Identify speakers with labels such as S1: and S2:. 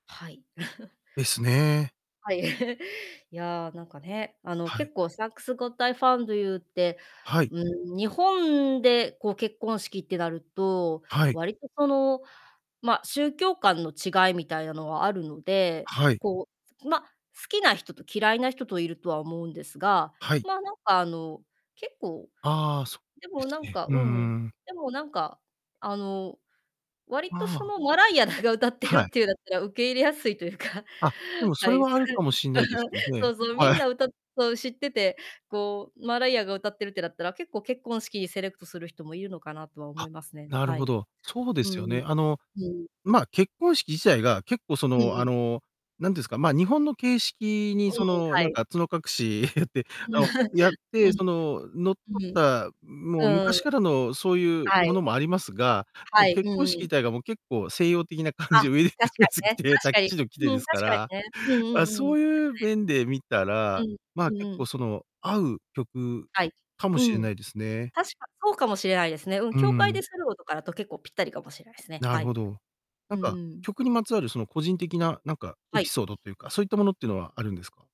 S1: はい。
S2: ですね。
S1: はい。いや、なんかね、あの、
S2: はい。
S1: 結構、サンク・ゴッド・アイ・ファウンド・ユーって、
S2: はい。
S1: うーん、日本で、こう、結婚式ってなると、
S2: はい。
S1: 割と、その、ま、宗教観の違いみたいなのはあるので、
S2: はい。
S1: こう、ま、好きな人と嫌いな人といるとは思うんですが、
S2: はい。
S1: まあ、なんか、あの、結構、
S2: ああ、そ
S1: で
S2: うで
S1: もな
S2: す
S1: ん
S2: ね。
S1: か
S2: う
S1: うん、
S2: んうん。
S1: でもなんか、あの、割と
S2: あ
S1: そ
S2: あ。
S1: の、マライアらが歌ってる
S2: は
S1: っ
S2: い。
S1: ていうだったら受け入れやすいというか、
S2: あ、でも、
S1: は
S2: それ
S1: い、す
S2: はある
S1: く
S2: かもしんないですん
S1: そ
S2: で、
S1: うそう、みん
S2: はい。
S1: な、歌そう、知ってて、こう、マライアが歌ってるってなったら、結構、結婚式にセレクトする人もいるのかなとは思
S2: あ、
S1: いますね、
S2: なる
S1: は
S2: ほ
S1: い。
S2: ど。そうで
S1: う
S2: すよ
S1: ん。
S2: ね。あの、
S1: うん。
S2: ま、結婚式自体が結構そ
S1: う
S2: の、
S1: ん
S2: あ
S1: うん。
S2: の、なんてんすか、まあ、日本の形式に、
S1: うんうん、
S2: その、
S1: は
S2: なん
S1: い。
S2: か、角隠しやって、あの、やっ て、
S1: うん。
S2: そ
S1: う
S2: の、則っ
S1: ん。
S2: た、もう
S1: うーん。
S2: 昔からのそういう
S1: は
S2: もの
S1: い。
S2: もありますが、も、
S1: はい、う
S2: 結
S1: ん
S2: 婚
S1: うん。
S2: 式たいが、もう結構、西洋的な感
S1: あ、
S2: じ、
S1: 確
S2: ウェディングド
S1: か
S2: レス
S1: に
S2: 着
S1: ね、
S2: て、
S1: 確
S2: タキ
S1: かに。
S2: シード着て
S1: う
S2: で
S1: ん、
S2: すか
S1: 確か
S2: ら、
S1: にね。うんう
S2: ま、
S1: んう
S2: そ
S1: ん。で
S2: う
S1: す
S2: いう
S1: ね。
S2: 面で見た
S1: う
S2: ら、
S1: ん、
S2: まあ、
S1: うん
S2: 結
S1: う
S2: 構
S1: ん。
S2: その、合う曲
S1: はい。
S2: かも
S1: う
S2: しれ
S1: ん。
S2: ないですね。
S1: 確か、そうかもしれないですね、うん、
S2: う
S1: 教
S2: ん
S1: 会
S2: うん。
S1: でするのとかだと結構ぴったりかもしれないすね、
S2: な
S1: は
S2: る
S1: い。
S2: ほど。な
S1: う
S2: ん
S1: んう
S2: か、
S1: ん。
S2: 曲にまつわる、その、個人的ななんか
S1: は
S2: エピ
S1: い。
S2: ソードっていうか、そういったものってのはあるんですか？